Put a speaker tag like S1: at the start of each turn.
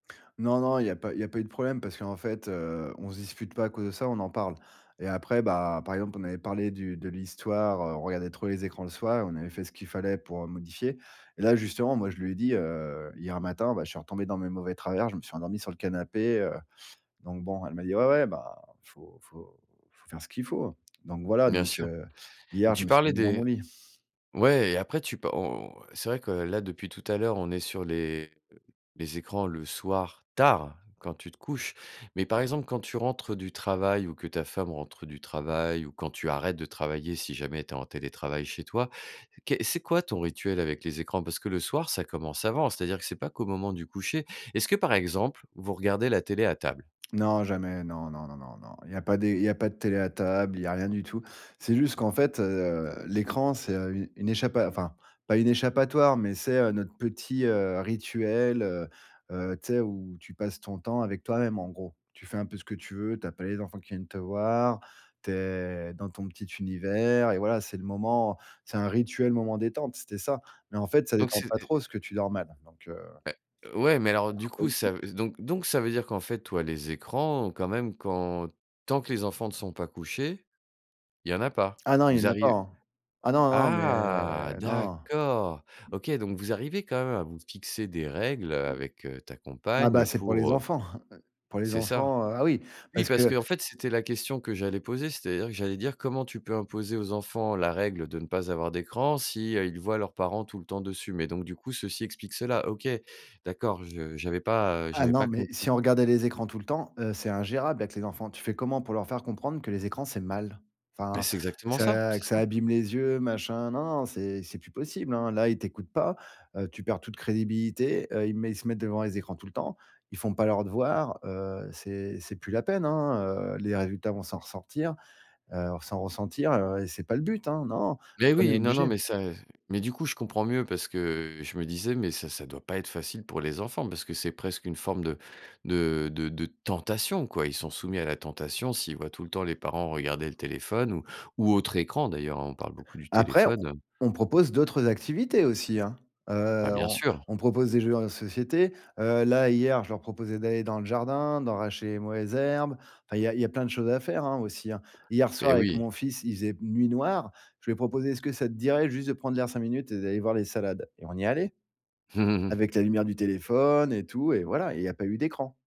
S1: Non, non, il y a pas il y a pas eu de problème, parce qu'en fait, heu, on se dispute pas à cause de ça, on en parle. Et après bah, par exemple, on avait parlé du de l'histoire, heu, on regardait trop les écrans le soir et on avait fait ce qu'il fallait pour, heu, modifier. Et là, justement, moi, je lui ai dit, heu: «Hier matin, bah, je suis retombé dans mes mauvais travers, je me suis endormi sur le canapé, heu». Donc bon, elle m'a dit: «Ouais, ouais, bah, il faut il faut il faut faire ce qu'il faut». Donc voilà,
S2: Bien
S1: donc,
S2: sûr.
S1: heu,
S2: Et
S1: hier, je
S2: tu
S1: me suis
S2: parlais
S1: mis dans mon
S2: des
S1: lit.
S2: ouais et après tu pa o o c'est vrai que là, depuis tout à l'heure, on est sur les heu, les écrans le soir, tard, quand tu te couches. Mais par exemple, quand tu rentres du travail ou que ta femme rentre du travail ou quand tu arrêtes de travailler, si jamais tu es en télétravail chez toi, ké c'est quoi ton rituel avec les écrans? Parce que le soir, ça commence avant. C'est-à-dire que c'est pas qu'au moment du coucher. Est-ce que, par exemple, vous regardez la télé à table?
S1: Non, jamais. Non, non, non, non, non, il y a pas des il y a pas de télé à table, il y a rien du tout. C'est juste qu'en fait, heu, l'écran, c'est, heu, u une échappa enfin, pas une échappatoire, mais c'est, heu, notre petit, heu, rituel, heu. Heu, tu sais? Où tu passes ton temps avec toi même en gros. Tu fais un peu ce que tu veux, tu as pas les enfants qui viennent te voir, tu es dans ton petit univers. Et voilà, c'est le moment c'est un rituel moment détente, c'était ça. Mais en fait, ça
S2: Donc
S1: détend
S2: c'est
S1: pas
S2: et heu
S1: trop parce que tu dors mal, donc heu
S2: Beh. Ouais mais alors, du coup, ça
S1: [unintelligible]
S2: v donc donc ça veut dire qu'en fait, toi, les écrans, quand même, quand tant que les enfants ne sont pas couchés, il y en a pas.
S1: Ah non, il y
S2: Vous
S1: en a pas,
S2: arri
S1: hein! Ah non, non, mais
S2: ah,
S1: non.
S2: d'accord! OK, donc vous arrivez quand même à vous fixer des règles, heu,
S1: [unintelligible]
S2: avec heu, ta
S1: Ah bah,
S2: compagne
S1: c'est pour
S2: pour,
S1: les
S2: heu.
S1: enfants heu, pour les
S2: C'est ça.
S1: enfants, heu. Ah oui!
S2: Oui,
S1: parce
S2: parce
S1: que
S2: qu'en fait, c'était la question que j'allais poser, c'est-à-dire que j'allais dire: «Comment tu peux imposer aux enfants la règle de ne pas avoir d'écran si, heu, ils voient leurs parents tout le temps dessus?» Mais donc, du coup, ceci explique cela. OK, d'accord, je j'avais pas, heu,
S1: Ah
S2: j'avais
S1: non,
S2: pas
S1: mais si
S2: compris.
S1: on regardait les écrans tout le temps, heu, c'est ingérable avec les enfants. Tu fais comment pour leur faire comprendre que les écrans, c'est mal?
S2: Mais
S1: Enfin,
S2: c'est
S1: que
S2: exactement ça!
S1: ça
S2: C'est
S1: que ça
S2: ça.
S1: abîme les yeux, machin? Non, non, non, c'est c'est plus possible, hein. Là, ils t'écoutent pas, heu, tu perds toute crédibilité, heu, ils mé ils se mettent devant les écrans tout le temps. Ils font pas leurs devoirs. Heu, c'est c'est plus la peine, hein, heu. Les résultats vont s'en ressortir, heu, s'en ressentir, heu, et c'est pas le but, hein. Non,
S2: Mais
S1: on est
S2: oui, non, non,
S1: obligés.
S2: mais ça, heu, ze mais du coup, je comprends mieux parce que, heu, je me disais: «Mais ça ça doit pas être facile pour les enfants», parce que c'est presque une forme de de de de tentation, quoi. Ils sont soumis à la tentation s'ils voient tout le temps les parents regarder le téléphone ou ou autre écran d'ailleurs, hein, on parle beaucoup du
S1: Après, on
S2: téléphone, heu.
S1: on propose d'autres activités aussi, hein. Heu,
S2: Bah, bien
S1: on
S2: sûr!
S1: on propose des jeux en société. Heu, là, hier, je leur proposais d'aller dans le jardin, d'arracher les mauvaises herbes. Enfin, il y a il y a plein de choses à faire, hein, aussi, hein. Hier soir,
S2: Mais
S1: avec
S2: oui!
S1: mon fils, il faisait p nuit noire. Je lui ai proposé: «Est-ce que ça te dirait juste de prendre l'air 5 minutes et d'aller voir les salades?» Et on y est allés. Avec la lumière du téléphone et tout. Et voilà et il y a pas eu d'écran.